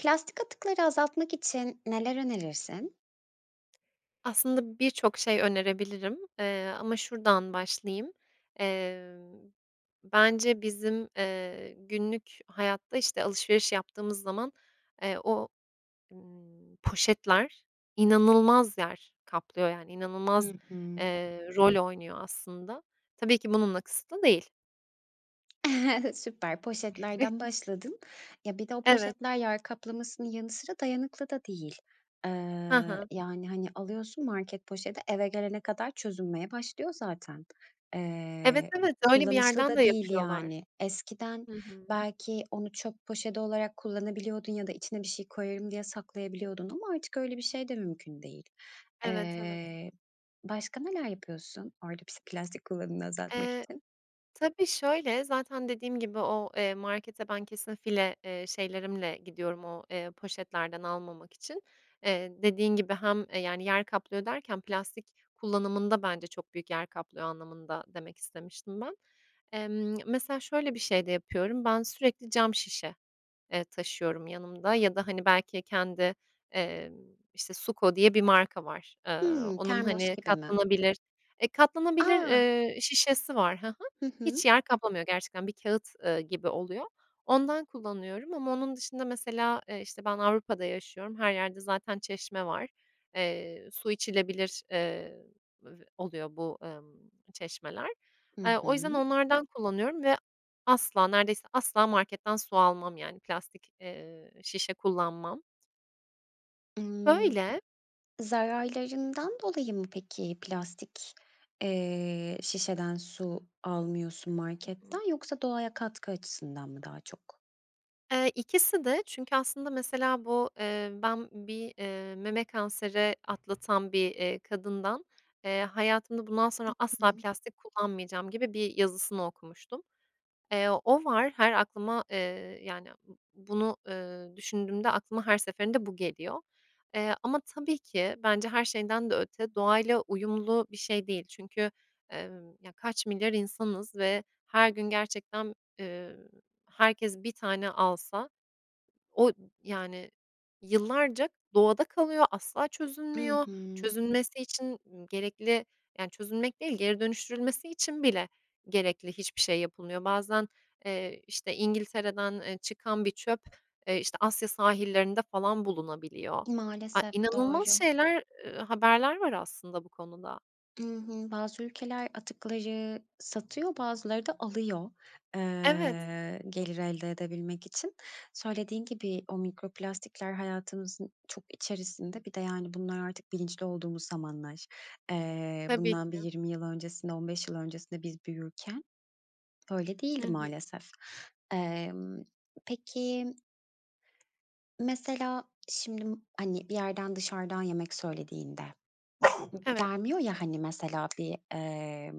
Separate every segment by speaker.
Speaker 1: Plastik atıkları azaltmak için neler önerirsin?
Speaker 2: Aslında birçok şey önerebilirim, eee, ama şuradan başlayayım, emm, bence, bizim, eee, günlük hayatta, işte, alışveriş yaptığımız zaman, eee, o, ımm, poşetler inanılmaz yer kaplıyor. Yani, inanılmaz,
Speaker 1: Hı hı.
Speaker 2: eee, rol oynuyor aslında. Tabii ki bununla kısıtlı değil.
Speaker 1: Süper, poşetlerden başladın. Ya, bir de o
Speaker 2: Evet.
Speaker 1: poşetler yer kaplamasının yanı sıra dayanıklı da değil. Eee,
Speaker 2: Ha ha.
Speaker 1: yani, hani, alıyorsun market poşeti, eve gelene kadar çözünmeye başlıyor zaten.
Speaker 2: Evet,
Speaker 1: Eee,
Speaker 2: evet. Öyle bir
Speaker 1: kullanışlı
Speaker 2: yerden de
Speaker 1: da değil,
Speaker 2: yapıyorlar.
Speaker 1: yani. Eskiden,
Speaker 2: Hı hı.
Speaker 1: belki onu çöp poşeti olarak kullanabiliyordun ya da içine bir şey koyarım diye saklayabiliyordun ama artık öyle bir şey de mümkün değil.
Speaker 2: Evet, evet.
Speaker 1: Eee, başka neler yapıyorsun orada pis plastik kullanımını azaltmak
Speaker 2: Eee,
Speaker 1: için?
Speaker 2: tabii, şöyle, zaten dediğim gibi o, eee, markete ben kesin file, eee, şeylerimle gidiyorum o, eee, poşetlerden almamak için. Eee, dediğin gibi hem, eee, yani, yer kaplıyor derken plastik kullanımında bence çok büyük yer kaplıyor anlamında demek istemiştim ben. Emm, mesela, şöyle bir şey de yapıyorum, ben sürekli cam şişe, eee, taşıyorum yanımda ya da, hani, belki kendi, eee, işte, SuCo diye bir marka var. Eee,
Speaker 1: Hımm,
Speaker 2: onun,
Speaker 1: termos
Speaker 2: hani,
Speaker 1: gibi mi?
Speaker 2: katlanabilir Eee, katlanabilir,
Speaker 1: A!
Speaker 2: eee, şişesi var, hı hı.
Speaker 1: Hı
Speaker 2: Hiç
Speaker 1: hı.
Speaker 2: yer kaplamıyor gerçekten. Bir kâğıt, ııı, gibi oluyor. Ondan kullanıyorum ama onun dışında mesela, eee, işte, ben Avrupa'da yaşıyorum. Her yerde zaten çeşme var. Eee, su içilebilir, eee, b oluyor bu, ımm, çeşmeler.
Speaker 1: Hı
Speaker 2: Eee, o yüzden
Speaker 1: hı.
Speaker 2: onlardan kullanıyorum ve asla, neredeyse asla, marketten su almam. Yani, plastik, eee, şişe kullanmam.
Speaker 1: Imm,
Speaker 2: Böyle.
Speaker 1: zararlarından dolayı mı peki, plastik, eee, şişeden su almıyorsun
Speaker 2: Hı hı.
Speaker 1: marketten, yoksa doğaya katkı açısından mı daha çok?
Speaker 2: Eee, ikisi de çünkü aslında, mesela, bu, eee, ben bir, eee, meme kanseri atlatan bir, eee, kadından, eee, "Hayatımda, bundan
Speaker 1: I
Speaker 2: sonra asla
Speaker 1: hı.
Speaker 2: plastik kullanmayacağım." gibi bir yazısını okumuştum. Eee, o var, her aklıma, eee, yani, b bunu, eee, düşündüğümde aklıma her seferinde bu geliyor. Eee, ama tabii ki, bence her şeyden de öte doğayla uyumlu bir şey değil. Çünkü, emm, ya, kaç milyar insanız ve her gün gerçekten, eee, herkes 1 tane alsa, o, yani, yıllarca doğada kalıyor, asla
Speaker 1: I
Speaker 2: çözülmüyor.
Speaker 1: hı.
Speaker 2: Çözülmesi için gerekli yani, çözülmek değil, geri dönüştürülmesi için bile gerekli hiçbir şey yapılmıyor. Bazen, eee, işte, İngiltere'den, eee, çıkan bir çöp, eee, işte, Asya sahillerinde falan bulunabiliyor. Ay,
Speaker 1: Maalesef.
Speaker 2: inanılmaz
Speaker 1: Doğru.
Speaker 2: şeyler, ııı, haberler var aslında bu konuda.
Speaker 1: I hı, bazı ülkeler atıkları satıyor, bazıları da alıyor.
Speaker 2: Evet.
Speaker 1: Eee, gelir elde edebilmek için. Söylediğin gibi o mikroplastikler hayatımızın çok içerisinde. Bir de, yani, bunlar artık bilinçli olduğumuz zamanlar. Eee,
Speaker 2: Tabii
Speaker 1: bundan bir
Speaker 2: ki.
Speaker 1: 20 yıl öncesinde, 15 yıl öncesinde biz büyürken öyle
Speaker 2: Hı
Speaker 1: değildi,
Speaker 2: hı.
Speaker 1: maalesef. Eee, peki mesela şimdi, hani, bir yerden dışarıdan yemek söylediğinde,
Speaker 2: Evet.
Speaker 1: gelmiyor ya, hani, mesela, bir, eee,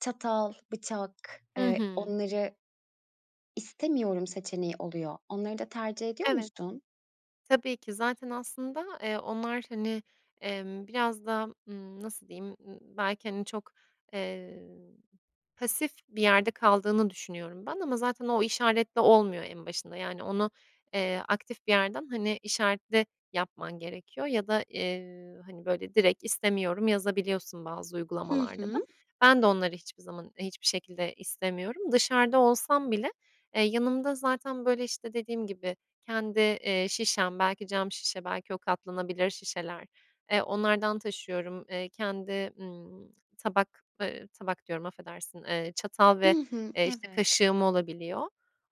Speaker 1: çatal, bıçak,
Speaker 2: Hı
Speaker 1: eee,
Speaker 2: hı.
Speaker 1: onları istemiyorum seçeneği oluyor. Onları da tercih ediyor
Speaker 2: Evet.
Speaker 1: musun?
Speaker 2: Tabii ki, zaten aslında, eee, onlar, hani, emm, biraz daha, ımm, nasıl diyeyim, ımm, belki, hani, çok, eee, pasif bir yerde kaldığını düşünüyorum ben. Ama zaten o işaretle olmuyor en başında. Yani, onu, eee, aktif bir yerden, hani, işaretle yapman gerekiyor ya da, eee, hani, böyle, direkt “İstemiyorum” yazabiliyorsun bazı
Speaker 1: Hı
Speaker 2: uygulamalarda da.
Speaker 1: hı.
Speaker 2: Ben de onları hiçbir zaman, hiçbir şekilde istemiyorum. Dışarıda olsam bile, eee, yanımda zaten, böyle, işte, dediğim gibi, kendi, eee, şişem, belki cam şişe, belki o katlanabilir şişeler, eee, onlardan taşıyorum. Eee, kendi, ımm, tabak, ııı, tabak diyorum, affedersin, eee, çatal ve,
Speaker 1: I hı.
Speaker 2: eee, işte,
Speaker 1: Evet.
Speaker 2: kaşığım olabiliyor.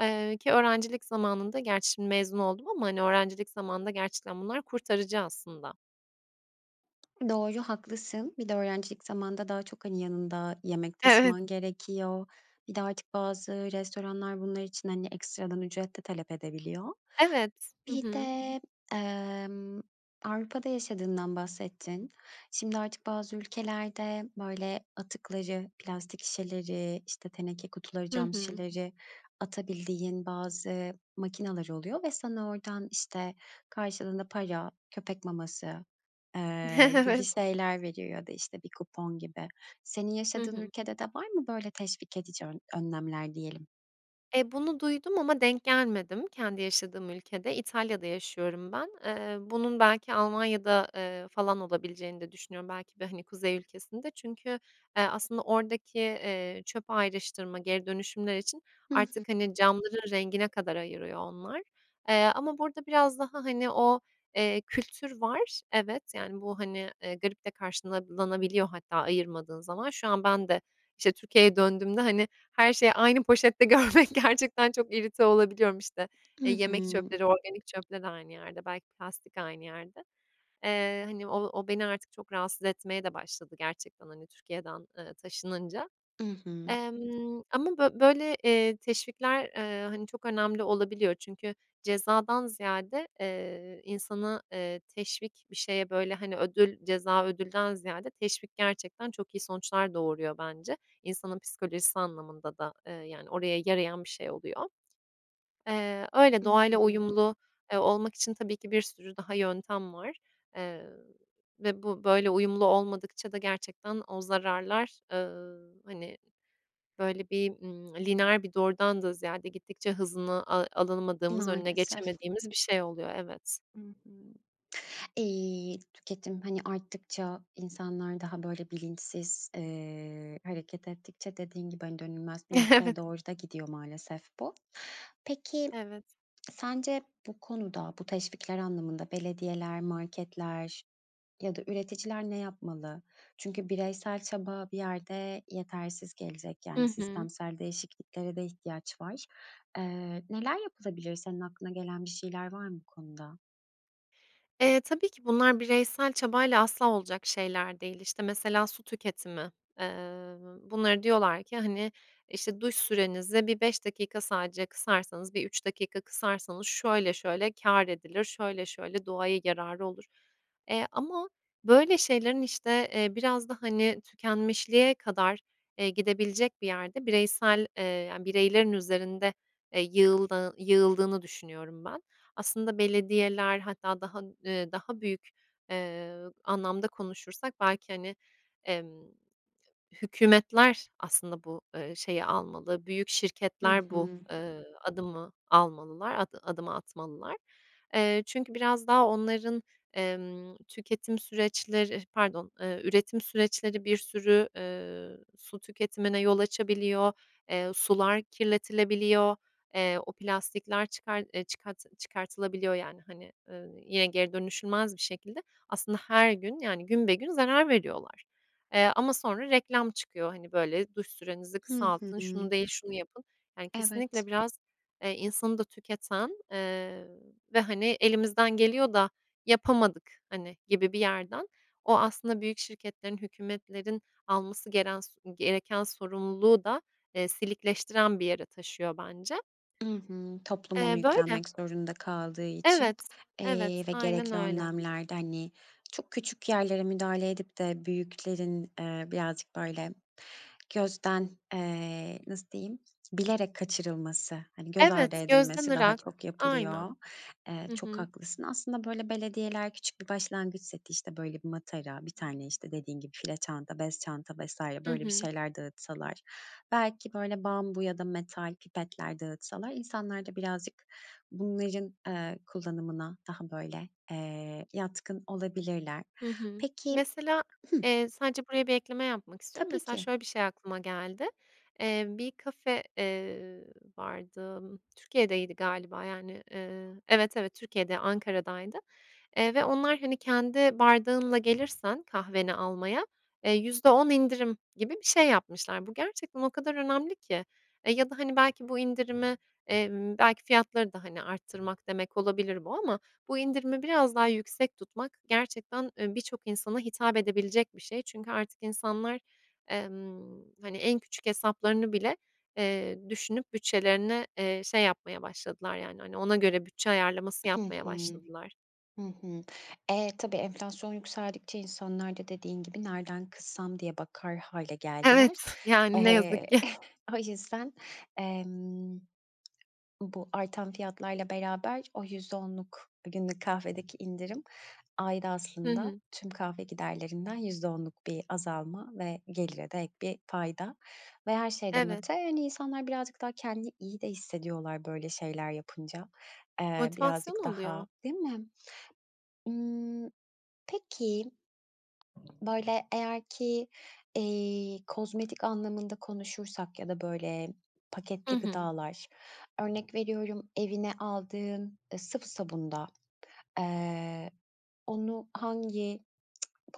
Speaker 2: Eee, ki öğrencilik zamanında, gerçi mezun oldum ama, hani, öğrencilik zamanında gerçekten bunlar kurtarıcı aslında.
Speaker 1: Doğru, haklısın. Bir de öğrencilik zamanında daha çok, hani, yanında yemek
Speaker 2: Evet.
Speaker 1: taşıman gerekiyor. Bir de artık bazı restoranlar bunlar için, hani, ekstradan ücret de talep edebiliyor.
Speaker 2: Evet, hı
Speaker 1: Bir
Speaker 2: hı.
Speaker 1: de, emm, Avrupa'da yaşadığından bahsettin. Şimdi artık bazı ülkelerde, böyle, atıkları, plastik şişeleri, işte, teneke kutuları,
Speaker 2: Hı
Speaker 1: cam
Speaker 2: hı.
Speaker 1: şişeleri atabildiğin bazı makinalar oluyor ve sana oradan, işte, karşılığında para, köpek maması, eee, gibi
Speaker 2: Evet.
Speaker 1: şeyler veriyor ya da, işte, bir kupon gibi. Senin
Speaker 2: Hı
Speaker 1: yaşadığın
Speaker 2: hı.
Speaker 1: ülkede de var mı böyle teşvik edici ön önlemler diyelim?
Speaker 2: Eee, bunu duydum ama denk gelmedim kendi yaşadığım ülkede. İtalya'da yaşıyorum ben. Eee, bunun belki Almanya'da, eee, falan olabileceğini de düşünüyorum, belki de, hani, kuzey ülkesinde. Çünkü, eee, aslında oradaki, eee, çöp ayrıştırma, geri dönüşümler için
Speaker 1: Hı
Speaker 2: artık,
Speaker 1: hı.
Speaker 2: hani, camların rengine kadar ayırıyor onlar. Eee, ama burada biraz daha, hani o, eee, kültür var. Evet, yani, bu, hani, eee, garip de karşılanabiliyor hatta ayırmadığın zaman. Şu an ben de, işte, Türkiye'ye döndüğümde, hani, her şeyi aynı poşette görmek... Gerçekten çok irite olabiliyorum. İşte, eee,
Speaker 1: I hı.
Speaker 2: yemek çöpleri organik çöple de aynı yerde, belki plastik aynı yerde. Eee, hani, o o beni artık çok rahatsız etmeye de başladı gerçekten, hani, Türkiye'den, eee, taşınınca.
Speaker 1: I hı.
Speaker 2: Emm, ama bö böyle, eee, teşvikler, eee, hani, çok önemli olabiliyor çünkü cezadan ziyade, eee, insana, eee, teşvik bir şeye, böyle, hani, ödül ceza, ödülden ziyade teşvik gerçekten çok iyi sonuçlar doğuruyor bence. İnsanın psikolojisi anlamında da, eee, yani oraya yarayan bir şey oluyor. Eee, öyle,
Speaker 1: Hı
Speaker 2: doğayla
Speaker 1: hı.
Speaker 2: uyumlu, eee, olmak için tabii ki bir sürü daha yöntem var. Eee, ve bu böyle uyumlu olmadıkça da gerçekten o zararlar, ııı, hani, böyle, bir, ımm, lineer bir doğrudan da ziyade gittikçe hızını a alınamadığımız, önüne
Speaker 1: Maalesef.
Speaker 2: geçemediğimiz bir şey oluyor, evet.
Speaker 1: Hı hı. İii, tüketim, hani, arttıkça insanlar daha, böyle, bilinçsiz, eee, hareket ettikçe, dediğin gibi, hani, dönülmez bir noktaya
Speaker 2: Evet.
Speaker 1: doğru da gidiyor maalesef bu. Peki
Speaker 2: Evet.
Speaker 1: sence bu konuda -bu teşvikler anlamında belediyeler, marketler ya da üreticiler ne yapmalı? Çünkü bireysel çaba bir yerde yetersiz gelecek.
Speaker 2: Hı
Speaker 1: Yani,
Speaker 2: hı.
Speaker 1: sistemsel değişikliklere de ihtiyaç var. Eee, neler yapılabilir? Senin aklına gelen bir şeyler var mı bu konuda?
Speaker 2: E, tabii ki bunlar bireysel çabayla asla olacak şeyler değil. İşte, mesela, su tüketimi, eee, bunları diyorlar ki, hani, işte, duş sürenizi bir 5 dakika sadece kısarsanız, bir 3 dakika kısarsanız şöyle şöyle kâr edilir, şöyle şöyle doğaya yararı olur. Eee, ama, böyle, şeylerin, işte, eee, biraz da, hani, tükenmişliğe kadar, eee, gidebilecek bir yerde bireysel, eee, yani, bireylerin üzerinde, eee, yığıldığı yığıldığını düşünüyorum ben. Aslında belediyeler, hatta daha ııı, daha büyük, eee, anlamda konuşursak belki, hani, emm, hükûmetler aslında bu, ııı, şeyi almalı, büyük
Speaker 1: Hı
Speaker 2: şirketler bu,
Speaker 1: hı.
Speaker 2: ııı, adımı almalılar, ad adımı atmalılar. Eee, çünkü biraz daha onların, emm, tüketim süreçleri Pardon, eee, üretim süreçleri bir sürü, ııı, su tüketimine yol açabiliyor, eee, sular kirletilebiliyor, eee, o plastikler çıkar eee, çıkart çıkartılabiliyor. Yani, hani, ııı, ye geri dönüşülmez bir şekilde aslında her gün, yani, günbegün zarar veriyorlar. Eee, ama sonra reklam çıkıyor, hani, böyle, duş sürenizi
Speaker 1: Hı
Speaker 2: kısaltın, şunu
Speaker 1: hı.
Speaker 2: değil, şunu yapın. Yani, kesinlikle
Speaker 1: Evet.
Speaker 2: biraz, eee, insanı da tüketen, eee, ve, hani, elimizden geliyor da yapamadık, hani, gibi bir yerden. O aslında büyük şirketlerin, hükûmetlerin alması geren s gereken sorumluluğu da, eee, silikleştiren bir yere taşıyor bence.
Speaker 1: Hı hı, toplum onu
Speaker 2: Eee, böyle.
Speaker 1: yüklenmek zorunda kaldığı
Speaker 2: Evet,
Speaker 1: için, eee,
Speaker 2: evet.
Speaker 1: ve
Speaker 2: Aynen
Speaker 1: gerekli
Speaker 2: öyle.
Speaker 1: önlemlerde, hani, çok küçük yerlere müdahale edip de büyüklerin, eee, birazcık, böyle, gözden, eee, nasıl diyeyim, bilerek kaçırılması, hani, göz ardı
Speaker 2: Evet, gözden
Speaker 1: edilmesi daha
Speaker 2: ırak.
Speaker 1: çok yapılıyor.
Speaker 2: Aynen.
Speaker 1: Eee,
Speaker 2: Hı
Speaker 1: çok
Speaker 2: hı.
Speaker 1: haklısın. Aslında, böyle, belediyeler küçük bir başlangıç seti, işte, böyle, bir matara, bir tane, işte, dediğin gibi file çanta, bez çanta vs.
Speaker 2: Hı
Speaker 1: böyle bir
Speaker 2: hı.
Speaker 1: şeyler dağıtsalar, belki, böyle, bambu ya da metal pipetler dağıtsalar insanlar da birazcık bunların, eee, kullanımına daha, böyle, eee, yatkın olabilirler.
Speaker 2: Hı hı.
Speaker 1: Peki
Speaker 2: Mesela,
Speaker 1: Hı.
Speaker 2: eee, sadece buraya bir ekleme yapmak istiyorum.
Speaker 1: Tabii
Speaker 2: Mesela,
Speaker 1: ki.
Speaker 2: şöyle bir şey aklıma geldi. Eee, bir kafe, eee, vardı, Türkiye'deydi galiba, yani, ııı, evet, evet, Türkiye'de, Ankara'daydı. Eee, ve onlar, hani, kendi bardağınla gelirsen kahveni almaya, eee, %10 indirim gibi bir şey yapmışlar. Bu gerçekten o kadar önemli ki, eee, ya da, hani, belki bu indirimi, emm, belki fiyatları da, hani, arttırmak demek olabilir bu ama bu indirimi biraz daha yüksek tutmak gerçekten, eee, birçok insana hitap edebilecek bir şey. Çünkü artık insanlar, emm, hani, en küçük hesaplarını bile, eee, düşünüp bütçelerini, eee, şey, yapmaya başladılar. Yani, hani, ona göre bütçe ayarlaması
Speaker 1: Hı
Speaker 2: yapmaya
Speaker 1: hı.
Speaker 2: başladılar.
Speaker 1: Hı hı. E, tabii enflasyon yükseldikçe insanlar da dediğin gibi nereden kıssam diye bakar hâle
Speaker 2: Evet,
Speaker 1: geldiler.
Speaker 2: yani, ne
Speaker 1: Eee,
Speaker 2: yazık ki.
Speaker 1: o yüzden, emm, bu artan fiyatlarla beraber o %10’luk günlük kahvedeki indirim ayda
Speaker 2: Hı
Speaker 1: aslında
Speaker 2: hı.
Speaker 1: tüm kahve giderlerinden %10’luk bir azalma ve gelire de ek bir fayda. Ve her şeyden
Speaker 2: Evet.
Speaker 1: öte, hani, insanlar birazcık daha kendini iyi de hissediyorlar, böyle, şeyler yapınca. Eee,
Speaker 2: Motivasyon
Speaker 1: birazcık daha
Speaker 2: oluyor.
Speaker 1: Değil mi? Imm, peki, böyle, eğer ki, eee, kozmetik anlamında konuşursak ya da, böyle,
Speaker 2: Hı
Speaker 1: paketli
Speaker 2: hı.
Speaker 1: gıdalar, örnek veriyorum, evine aldığın, eee, sıvı sabunda, eee, onu hangi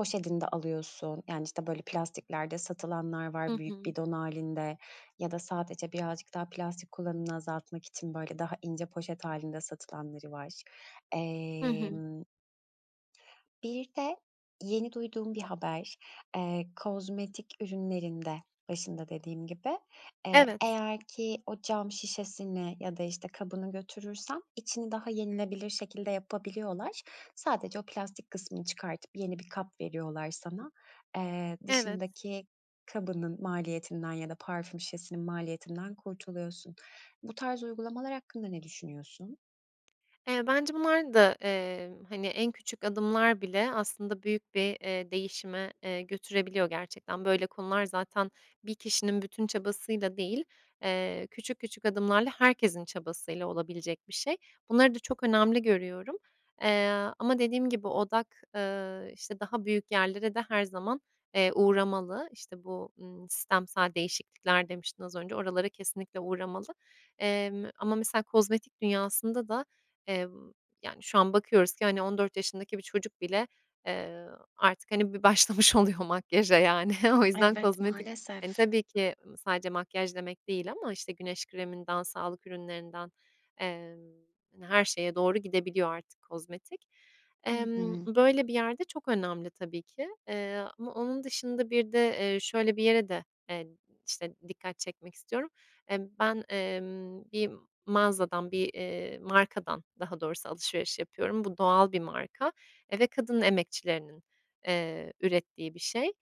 Speaker 1: poşetinde alıyorsun? Yani, işte, böyle, plastiklerde satılanlar var,
Speaker 2: Hı
Speaker 1: büyük
Speaker 2: hı.
Speaker 1: bidon hâlinde ya da sadece birazcık daha plastik kullanımını azaltmak için, böyle, daha ince poşet hâlinde satılanları var.
Speaker 2: Hı hı.
Speaker 1: Emm Bir de yeni duyduğum bir haber. Eee, kozmetik ürünlerinde, başında dediğim gibi, eee,
Speaker 2: Evet.
Speaker 1: eğer ki o cam şişesini ya da, işte, kabını götürürsem içini daha yenilebilir şekilde yapabiliyorlar. Sadece o plastik kısmını çıkartıp yeni bir kap veriyorlar sana. Eee,
Speaker 2: Evet.
Speaker 1: dışındaki kabının maliyetinden ya da parfüm şişesinin maliyetinden kurtuluyorsun. Bu tarz uygulamalar hakkında ne düşünüyorsun?
Speaker 2: Eee, bence bunlar da, eee, hani, en küçük adımlar bile aslında büyük bir, eee, değişime, eee, götürebiliyor gerçekten. Böyle konular zaten bir kişinin bütün çabasıyla değil, eee, küçük küçük adımlarla herkesin çabasıyla olabilecek bir şey. Bunları da çok önemli görüyorum. Eee, ama dediğim gibi; odak, ııı, işte daha büyük yerlere de her zaman, eee, uğramalı. İşte, bu, ııı, sistemsel değişiklikler demiştin az önce, oralara kesinlikle uğramalı. Emm, ama mesela kozmetik dünyasında da, eee, yani, şu an bakıyoruz ki, hani, 14 yaşındaki bir çocuk bile, eee, artık, hani, bir başlamış oluyor makyaja, yani. O yüzden
Speaker 1: Evet,
Speaker 2: kozmetik hani,
Speaker 1: maalesef.
Speaker 2: tabii ki, ımm, sadece makyaj demek değil ama, işte, güneş kreminden, sağlık ürünlerinden, emm, hani, her şeye doğru gidebiliyor artık kozmetik.
Speaker 1: I
Speaker 2: Emm,
Speaker 1: hı.
Speaker 2: böyle bir yerde çok önemli tabii ki, eee, ama onun dışında bir de, eee, şöyle bir yere de, eee, işte, dikkat çekmek istiyorum. Emm, ben, emm, bir mağazadan bir, eee, markadan, daha doğrusu alışveriş yapıyorum. Bu doğal bir marka. Eee, ve kadın emekçilerinin, eee, ürettiği bir şey.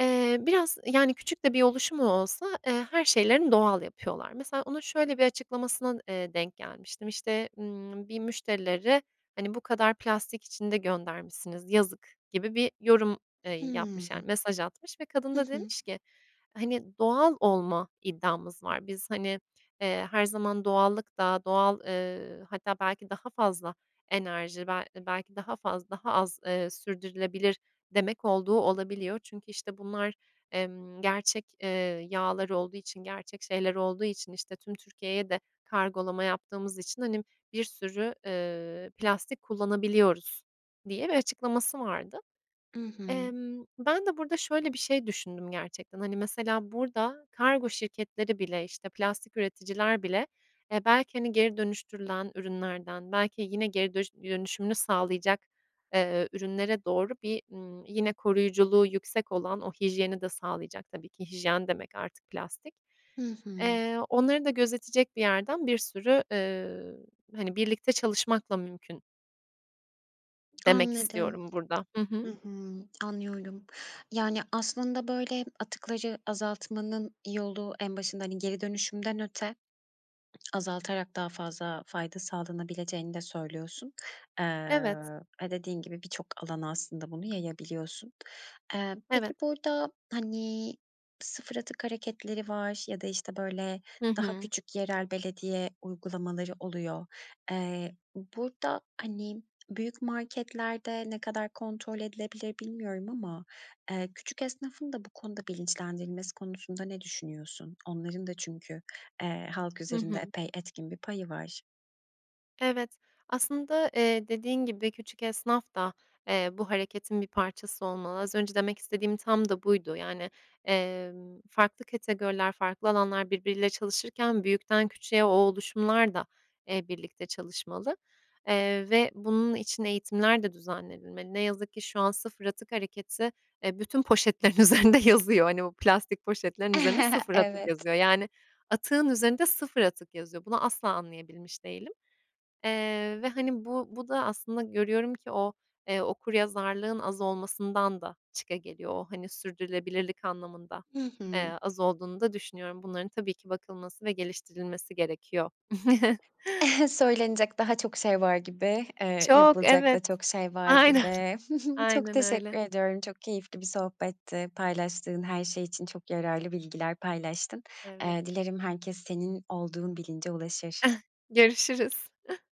Speaker 2: Eee, biraz, yani, küçük de bir oluşumu olsa, eee, her şeylerini doğal yapıyorlar. Mesela onun şöyle bir açıklamasına, eee, denk gelmiştim, işte, ımm, bir müşterileri, hani, "Bu kadar plastik içinde göndermişsiniz, yazık!" gibi bir yorum, eee,
Speaker 1: Hıı.
Speaker 2: yapmış, yani, mesaj atmış ve kadın
Speaker 1: Hı
Speaker 2: da
Speaker 1: hı.
Speaker 2: demiş ki, hani, "Doğal olma iddiamız var. Biz, hani, eee, her zaman doğallık da, doğal eee, hatta belki daha fazla enerji, bel belki daha fazla daha az sürdürülebilir demek olduğu olabiliyor. Çünkü işte bunlar, emm, gerçek, eee, yağlar olduğu için, gerçek şeyler olduğu için, işte, tüm Türkiye'ye de kargolama yaptığımız için, hani, bir sürü, eee, plastik kullanabiliyoruz." diye bir açıklaması vardı.
Speaker 1: I hı.
Speaker 2: Emm, ben de burada şöyle bir şey düşündüm gerçekten, hani, mesela burada kargo şirketleri bile, işte, plastik üreticiler bile, eee, belki, hani, geri dönüştürülen ürünlerden belki yine geri dönüş dönüşümünü sağlayacak, eee, ürünlere doğru bir, ımm, yine koruyuculuğu yüksek olan o hijyeni de sağlayacak tabii ki. Hijyen demek artık plastik.
Speaker 1: Hı hı.
Speaker 2: Eee, onları da gözetecek bir yerden bir sürü, eee, hani, birlikte çalışmakla mümkün demek
Speaker 1: Anladım.
Speaker 2: istiyorum burada. Hı
Speaker 1: Hı
Speaker 2: hı.
Speaker 1: hı, anlıyorum. Yani, aslında böyle atıkları azaltmanın yolu en başında, hani, geri dönüşümden öte, azaltarak daha fazla fayda sağlanabileceğini de söylüyorsun. Eee,
Speaker 2: Evet.
Speaker 1: ve dediğin gibi birçok alana aslında bunu yayabiliyorsun. Eee, peki,
Speaker 2: Evet.
Speaker 1: burada, hani, sıfır atık hareketleri var ya da, işte, böyle,
Speaker 2: Hı
Speaker 1: daha
Speaker 2: hı.
Speaker 1: küçük yerel belediye uygulamaları oluyor. Eee, burada, hani, büyük marketlerde ne kadar kontrol edilebilir bilmiyorum ama, eee, küçük esnafın da bu konuda bilinçlendirilmesi konusunda ne düşünüyorsun? Onların da çünkü, eee, halk
Speaker 2: Hı
Speaker 1: üzerinde
Speaker 2: hı.
Speaker 1: epey etkin bir payı var.
Speaker 2: Evet. Aslında, eee, dediğin gibi, küçük esnaf da, eee, bu hareketin bir parçası olmalı. Az önce demek istediğim tam da buydu. Yani, emm, farklı kategoriler, farklı alanlar birbiriyle çalışırken, büyükten küçüğe o oluşumlar da, eee, birlikte çalışmalı, eee, ve bunun için eğitimler de düzenlenilmeli. Ne yazık ki şu an sıfır atık hareketi, eee, bütün poşetlerin üzerinde yazıyor. Hani, o plastik poşetlerin üzerinde sıfır atık
Speaker 1: Evet.
Speaker 2: yazıyor yani atığın üzerinde sıfır atık yazıyor. Bunu asla anlayabilmiş değilim, eee, ve hani bu bu da aslında görüyorum ki o, eee, okuryazarlığın az olmasından da çıkageliyor. O, hani sürdürülebilirlik anlamında,
Speaker 1: Hı hı.
Speaker 2: eee, az olduğunu da düşünüyorum. Bunların tabii ki bakılması ve geliştirilmesi gerekiyor.
Speaker 1: Söylenecek daha çok şey var gibi, eee,
Speaker 2: Çok,
Speaker 1: yapılacak da
Speaker 2: evet.
Speaker 1: çok şey var
Speaker 2: Aynen,
Speaker 1: gibi. Çok
Speaker 2: aynen
Speaker 1: teşekkür
Speaker 2: öyle.
Speaker 1: ediyorum. Çok keyifli bir sohbetti. Paylaştığın her şey için çok yararlı bilgiler paylaştın.
Speaker 2: Evet.
Speaker 1: Eee, dilerim herkes senin olduğun bilince ulaşır.
Speaker 2: Görüşürüz.